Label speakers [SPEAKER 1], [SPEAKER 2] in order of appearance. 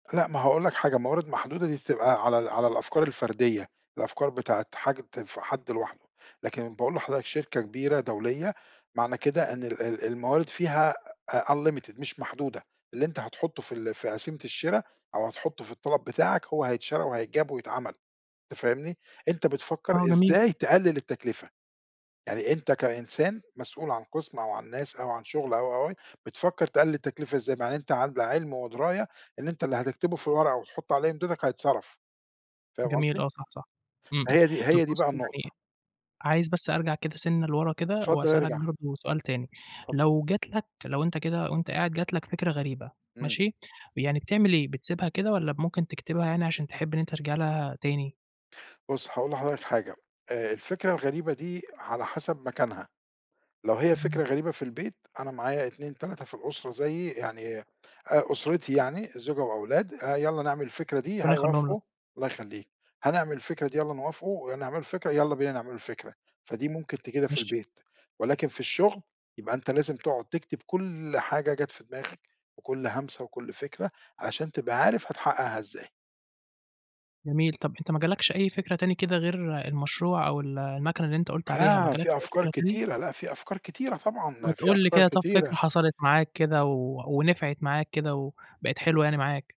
[SPEAKER 1] لأ ما هاقول لك حاجة موارد محدودة دي بتبقى على ال على الأفكار الفردية، الأفكار بتاعة حاجة بتنفع حد لوحده، لكن باقول لحضرتك شركة كبيرة دولية، معنى كده إن ال ال الموارد فيها unlimited مش محدودة، اللي أنت هتحطُّه في ال في قسيمة الشرا أو هتحطُّه في الطلب بتاعك، هو هيتشرى وهيتجاب ويتعمَل، أنت فاهمني؟ أنت بتفكّر
[SPEAKER 2] آه، جميل.
[SPEAKER 1] إزاي تقلِّل التكلفة، يعني أنت كإنسان مسؤول عن قسم أو عن ناس أو عن شغل، أو، أو، أو بتفكّر تقلّل التكلفة إزاي مع إن أنت على علم ودراية إن أنت اللي هتكتبه في الورقة وتحُط عليهم إمضِتك هيتصرف، فاهم
[SPEAKER 2] جميل،
[SPEAKER 1] قصدي؟
[SPEAKER 2] آه، صح، صح إمم،
[SPEAKER 1] ما
[SPEAKER 2] إمم
[SPEAKER 1] هي دي
[SPEAKER 2] طَب
[SPEAKER 1] هي دي بقى
[SPEAKER 2] بُصّ
[SPEAKER 1] النقطة.
[SPEAKER 2] يعني عايز بس أرجع كده سِنّة لورا كده،
[SPEAKER 1] اتفضل
[SPEAKER 2] وأسأل لك
[SPEAKER 1] إرجع.
[SPEAKER 2] برضه سؤال تاني،
[SPEAKER 1] اتفضل.
[SPEAKER 2] لو جَت لك لو أنت كده وأنت قاعد جَت لك فِكرة غريبة
[SPEAKER 1] إمم.
[SPEAKER 2] ماشي، يعني بتعمل إيه بتسيبها كده والَّا ممكن تكتبها يعني علشان تحب إن أنت ترجع لها تاني؟
[SPEAKER 1] بُصّ، هاقول لحضرتك حاجة آآ، الفكرة الغريبة دي على حسب مكانها، لو هي
[SPEAKER 2] اهم.
[SPEAKER 1] فكرة غريبة في البيت أنا معايا 2 3 في الأسرة زيي، يعني أ أسرتي يعني زوجة وأولاد آآ، يالّا نعمل الفكرة دي
[SPEAKER 2] ربنا يخليهُم لك.
[SPEAKER 1] هيوافقوا الله يخليك، هنعمل الفكرة دي يالّا نوافقوا ونعملوا الفكرة يالّا بينا نعملوا الفكرة، فدي ممكن تجدها في
[SPEAKER 2] ماشي.
[SPEAKER 1] البيت، ولكن في الشغل يبقى أنت لازم تقعد تكتب كل حاجة جَت في دماغك، وكل همسة وكل فِكرة، عشان تبقى عارف هتحقَّقها إزاي.
[SPEAKER 2] جميل، طَب أنت ما جالكش أي فكرة تاني كده غير المشروع أو ال الماكينة اللي أنت قُلت عليها ما
[SPEAKER 1] لا،
[SPEAKER 2] جالكش
[SPEAKER 1] في
[SPEAKER 2] أي
[SPEAKER 1] أفكار
[SPEAKER 2] فكرة تاني؟
[SPEAKER 1] كتيرة، لأ في أفكار كتيرة
[SPEAKER 2] ما
[SPEAKER 1] طبعًا، في
[SPEAKER 2] تقُل لي
[SPEAKER 1] أفكار
[SPEAKER 2] كده طَب فكرة
[SPEAKER 1] كتيرة.
[SPEAKER 2] حصلت معاك كده، و ونفعت معاك كده وبقِت حلوة يعني معاك؟